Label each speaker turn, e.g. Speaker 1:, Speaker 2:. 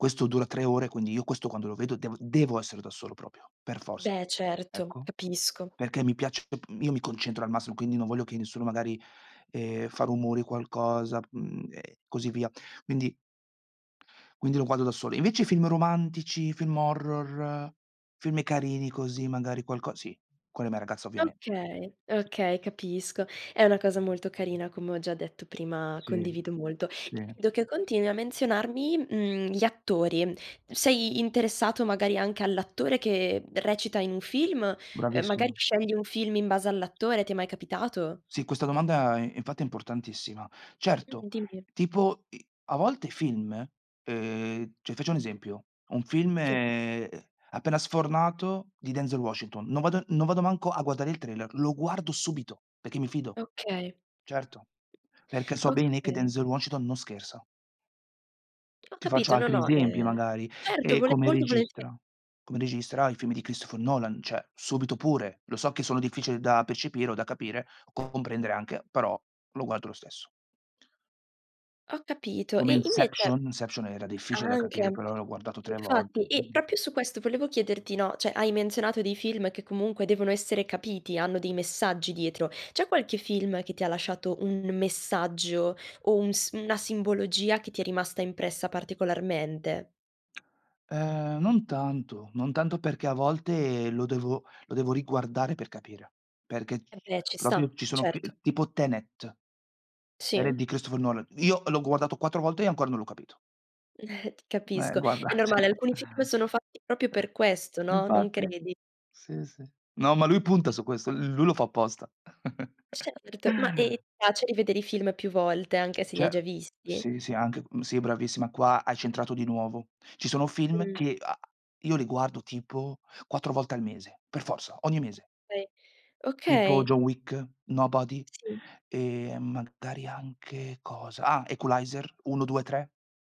Speaker 1: Questo dura 3 ore, quindi io questo quando lo vedo devo devo essere da solo proprio, per forza.
Speaker 2: Beh, certo,
Speaker 1: Ecco,
Speaker 2: capisco.
Speaker 1: perché mi piace, dop uhm, io mi concentro al massimo, quindi non voglio che nessuno magari, ehm, fa rumori, qualcosa, uhm, e così via. Quindi quindi lo guardo da solo. Invece i film romantici, film horror, film carini così, magari qualco sì, con la mia ragazza ovviamente.
Speaker 2: Okay,
Speaker 1: Sì.
Speaker 2: okay, capisco. È una cosa molto carina, come ho già detto prima,
Speaker 1: Sì,
Speaker 2: condivido molto.
Speaker 1: sì.
Speaker 2: [unintelligible] che continui a menzionarmi, uhm, gli attori. Sei interessato magari anche all'attore che recita in un film, ehm magari
Speaker 1: Bravissima.
Speaker 2: scegli un film in base all'attore, ti è mai capitato?
Speaker 1: Sì, questa domanda i infatti è importantissima. Certo,
Speaker 2: [unintelligible] dimmi.
Speaker 1: tipo i a volte i film, uhm, cioè faccio un esempio, un film,
Speaker 2: Sì.
Speaker 1: ehm, appena sfornato di Denzel Washington, non vado non vado manco a guardare il trailer, lo guardo subito, perché mi fido.
Speaker 2: Okay.
Speaker 1: Certo, perché so bene che
Speaker 2: Okay.
Speaker 1: Denzel Washington non scherza.
Speaker 2: Ho
Speaker 1: Ti faccio
Speaker 2: capito, no,
Speaker 1: altri
Speaker 2: no
Speaker 1: esempi
Speaker 2: ehm
Speaker 1: magari,
Speaker 2: certo
Speaker 1: ehm,
Speaker 2: vole
Speaker 1: come
Speaker 2: molto volentie
Speaker 1: registra. Come registra i film di Christopher Nolan, cioè subito pure, lo so che sono difficili da percepire o da capire, comprendere anche, però lo guardo lo stesso.
Speaker 2: Ho capito.
Speaker 1: Come
Speaker 2: E
Speaker 1: Inception.
Speaker 2: invece
Speaker 1: Inception era difficile da capire,
Speaker 2: anche.
Speaker 1: però l'ho guardato 3
Speaker 2: Infatti,
Speaker 1: volte.
Speaker 2: e
Speaker 1: Mh.
Speaker 2: proprio su questo volevo chiederti, no, cioè, hai menzionato dei film che comunque devono essere capiti, hanno dei messaggi dietro. C'è qualche film che ti ha lasciato un messaggio o un sim una simbologia che ti è rimasta impressa particolarmente?
Speaker 1: Ehm, non tanto, non tanto perché a volte lo devo lo devo riguardare per capire, perché ci
Speaker 2: Eh beh
Speaker 1: sono
Speaker 2: ci
Speaker 1: proprio
Speaker 2: sta,
Speaker 1: ci sono fi
Speaker 2: certo.
Speaker 1: ehm, tipo Tenet, Tenet
Speaker 2: Sì.
Speaker 1: di Christopher Nolan. Io l'ho guardato 4 volte e ancora non l'ho capito. Eh
Speaker 2: Capisco.
Speaker 1: guarda,
Speaker 2: È normale,
Speaker 1: cioè
Speaker 2: alcuni film sono fatti proprio per questo, no, non
Speaker 1: Infatti.
Speaker 2: credi?
Speaker 1: Sì, sì. No, ma lui punta su questo, l lui lo fa apposta.
Speaker 2: Certo, ma ehm ti piace rivedere i film più volte, anche se li hai
Speaker 1: Ce
Speaker 2: già visti?
Speaker 1: sì, sì anche, uhm, sì bravissima, qua hai centrato di nuovo. Ci sono film
Speaker 2: Mh.
Speaker 1: che, a io li guardo tipo 4 volte al mese, per forza, ogni mese.
Speaker 2: Okay,
Speaker 1: Tipo
Speaker 2: okay.
Speaker 1: John Wick, Nobody
Speaker 2: Sì.
Speaker 1: e magari anche, cosa? Ah, Equalizer 1, 2 e 3.